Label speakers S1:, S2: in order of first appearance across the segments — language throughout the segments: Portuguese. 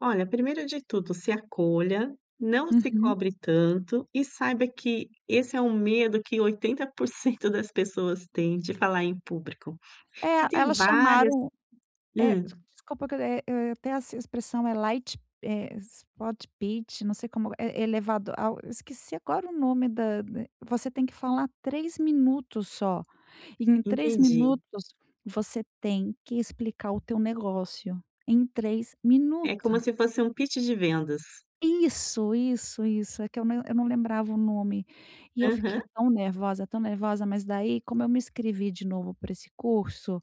S1: Olha, primeiro de tudo, se acolha, não se
S2: Uhum.
S1: cobre tanto e saiba que esse é um medo que 80% das pessoas têm de falar em público. E
S2: É,
S1: tem
S2: elas
S1: várias
S2: chamaram, eh, des
S1: hum.
S2: desculpa que eu, eh eh, eu até essa expressão é light, eh, spot pit não sei como eh, é elevado ao esqueci agora o nome da eh, você tem que falar 3 minutos só e em 3
S1: Entendi.
S2: minutos você tem que explicar o teu negócio. Em 3
S1: É,
S2: minutos.
S1: como se fosse um pitch de vendas.
S2: Isso, isso, isso. É que eu não eu não lembrava o nome e eu fiquei
S1: Aham.
S2: tão nervosa, tão nervosa, mas daí como eu me inscrevi de novo para esse curso,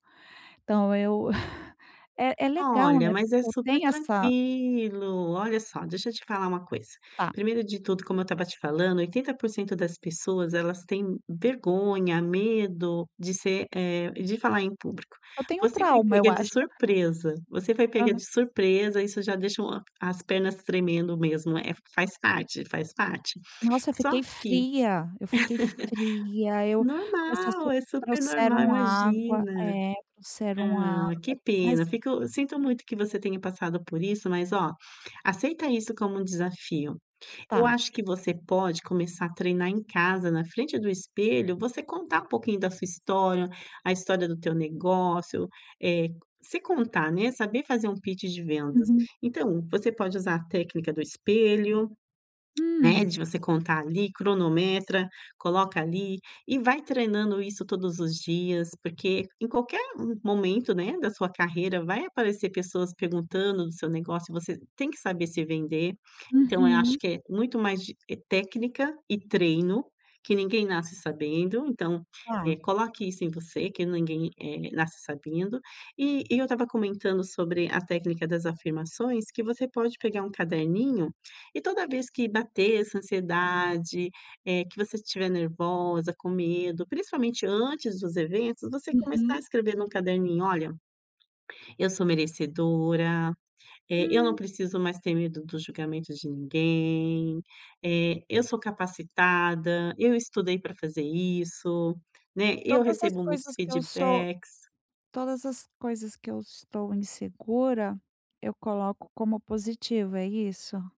S2: então eu, é é legal,
S1: Olha,
S2: né,
S1: mas é
S2: porque eu
S1: super
S2: tenho essa
S1: tranquilo. Olha só, deixa eu te falar uma coisa.
S2: Tá.
S1: Primeiro de tudo, como eu estava te falando, 80% das pessoas elas têm vergonha, medo de ser, eh, de falar em público.
S2: Eu tenho
S1: Você foi
S2: trauma, eu
S1: pega de
S2: acho.
S1: surpresa, você foi pega
S2: Aham
S1: de surpresa, isso já deixa, ah, as pernas tremendo mesmo, é, faz parte, faz parte.
S2: Nossa, eu
S1: Só
S2: fiquei
S1: que
S2: fria. Eu fiquei fria, eu comecei a
S1: normal,
S2: suar
S1: é super normal,
S2: trouxeram água
S1: imagina.
S2: é, trouxeram água,
S1: Ah, que
S2: mas
S1: pena, fico, sinto muito que você tenha passado por isso, mas ó, aceita isso como um desafio. Eu
S2: Tá.
S1: acho que você pode começar a treinar em casa, na frente do espelho, você contar um pouquinho da sua história, a história do teu negócio, eh, se contar, né, saber fazer um pitch de vendas.
S2: Uhum.
S1: Então você pode usar a técnica do espelho, né,
S2: Hum.
S1: de você contar ali, cronometra, coloca ali e vai treinando isso todos os dias, porque em qualquer momento, né, da sua carreira vai aparecer pessoas perguntando do seu negócio e você tem que saber se vender. Então eu acho
S2: Uhum.
S1: que é muito mais de, eh, técnica e treino, que ninguém nasce sabendo, então,
S2: Tá.
S1: eh, coloque isso em você, que ninguém, eh, nasce sabendo, eh, e eu estava comentando sobre a técnica das afirmações, que você pode pegar um caderninho e toda vez que bater essa ansiedade, eh, que você estiver nervosa, com medo, principalmente antes dos eventos, você começar a
S2: Uhum.
S1: escrever num caderninho: "Olha, eu sou merecedora, eh, eu não
S2: Hum.
S1: preciso mais ter medo do julgamento de ninguém, eh, eu sou capacitada, eu estudei para fazer isso, né, eu
S2: Todas as
S1: recebo muitos
S2: coisas que eu sou
S1: feedbacks".
S2: todas as coisas que eu estou insegura, eu coloco como positivo, é isso?